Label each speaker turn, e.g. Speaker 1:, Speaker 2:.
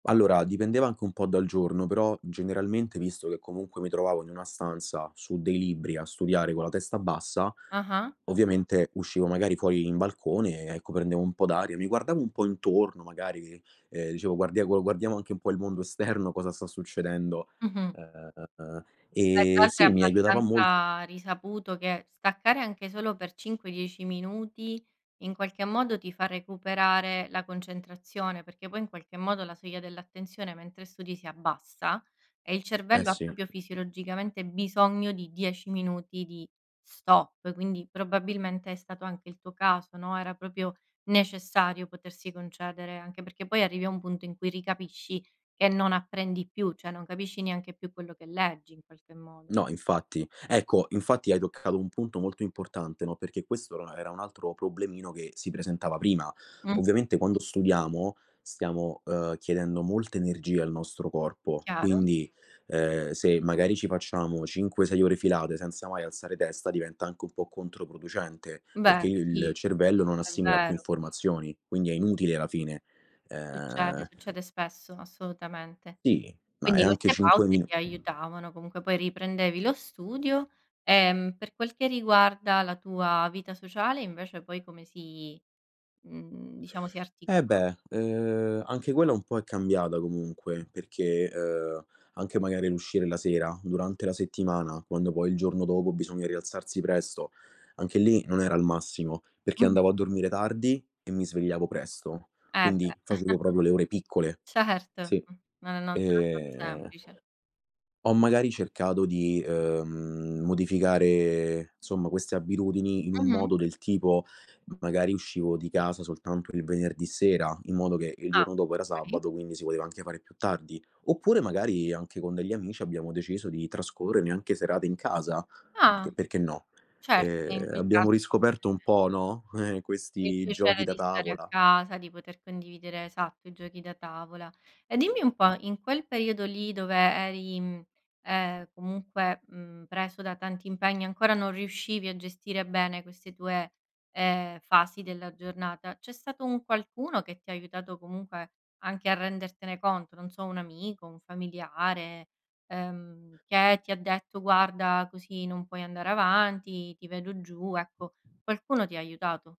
Speaker 1: Allora, dipendeva anche un po' dal giorno, però generalmente, visto che comunque mi trovavo in una stanza, su dei libri a studiare con la testa bassa,
Speaker 2: Ah-ah.
Speaker 1: ovviamente uscivo magari fuori in balcone e ecco, prendevo un po' d'aria, mi guardavo un po' intorno magari, ehm, dicevo: "Guardia gu guardiamo guardiamo anche un po' il mondo esterno, cosa sta succedendo";
Speaker 2: Mh-mh.
Speaker 1: uhm,
Speaker 2: E tra
Speaker 1: ehm,
Speaker 2: alto è
Speaker 1: sì mi aiutava molt
Speaker 2: abbastanza risaputo che staccare anche solo per 5-10 minuti, in qualche modo ti fa recuperare la concentrazione, perché poi in qualche modo la soglia dell'attenzione mentre studi si abbassa, e il
Speaker 1: Eh
Speaker 2: cervello ha
Speaker 1: sì.
Speaker 2: proprio fisiologicamente bisogno di 10 minuti di stop. Quindi probabilmente è stato anche il tuo caso no, era proprio necessario potersi concedere, anche perché poi arrivi a un punto in cui ricapisci che non apprendi più, cioè non capisci neanche più quello che leggi, in qualche modo.
Speaker 1: No infatti. Ecco, infatti hai toccato un punto molto importante, no, perché questo or era un altro problemino che si presentava prima.
Speaker 2: Mh.
Speaker 1: Ovviamente quando studiamo, stiamo, uhm, chiedendo molta energia al nostro corpo.
Speaker 2: Chiaro.
Speaker 1: Quindi, ehm, se magari ci facciamo 5-6 ore filate, senza mai alzare testa, diventa anche un po' controproducente,
Speaker 2: Beh,
Speaker 1: perché il
Speaker 2: sì,
Speaker 1: cervello non
Speaker 2: è
Speaker 1: assimila più
Speaker 2: vero.
Speaker 1: informazioni, quindi è inutile alla fine.
Speaker 2: Succede,
Speaker 1: Ehm
Speaker 2: succede spesso, assolutamente.
Speaker 1: Sì, ma è
Speaker 2: Quindi
Speaker 1: anche
Speaker 2: queste
Speaker 1: 5
Speaker 2: pause
Speaker 1: minu
Speaker 2: ti aiutavano. Comunque poi riprendevi lo studio, ehm, per quel che riguarda la tua vita sociale invece poi come si mhmm, diciamo si articola
Speaker 1: Eh beh, uhm, anche quella un po' è cambiata comunque perché, uhm, anche magari l'uscire la sera: durante la settimana, quando poi il giorno dopo bisogna rialzarsi presto, anche lì non era il massimo, perché
Speaker 2: Mh-mh.
Speaker 1: andavo a dormire tardi e mi svegliavo presto,
Speaker 2: Eh beh.
Speaker 1: quindi facevo proprio le ore piccole.
Speaker 2: Certo,
Speaker 1: Sì.
Speaker 2: mh. No no non sarà stato
Speaker 1: Ehm
Speaker 2: semplice.
Speaker 1: ho magari cercato di, uhm, modificare, somma queste abitudini in un
Speaker 2: Mh-mh.
Speaker 1: modo del tipo: magari uscivo di casa soltanto il venerdì sera, in modo che il
Speaker 2: Ah
Speaker 1: giorno dopo era
Speaker 2: okay.
Speaker 1: sabato, quindi si poteva anche fare più tardi. Oppure magari, anche con degli amici, abbiamo deciso di trascorrere anche serate in casa, perchè
Speaker 2: Ah.
Speaker 1: perché no. E,
Speaker 2: Certo, e in
Speaker 1: ehm,
Speaker 2: quel
Speaker 1: abbiamo
Speaker 2: caso
Speaker 1: riscoperto un
Speaker 2: sicuramente
Speaker 1: po' no, eh,
Speaker 2: È il
Speaker 1: questi giochi
Speaker 2: piacere
Speaker 1: da
Speaker 2: di stare a
Speaker 1: tavola.
Speaker 2: casa, di poter condividere, esatto, i giochi da tavola. E dimmi un po', in quel periodo lì dove eri, mhmm, ehm, comunque, mhmm, preso da tanti impegni, ancora non riuscivi a gestire bene queste tue, ehm, fasi della giornata, c'è stato un qualcuno che ti ha aiutato comunque anche a rendertene conto? Non so, un amico, un familiare, ehm, che ti ha detto: "Guarda, così non puoi andare avanti, ti vedo giù", ecco qualcuno ti ha aiutato?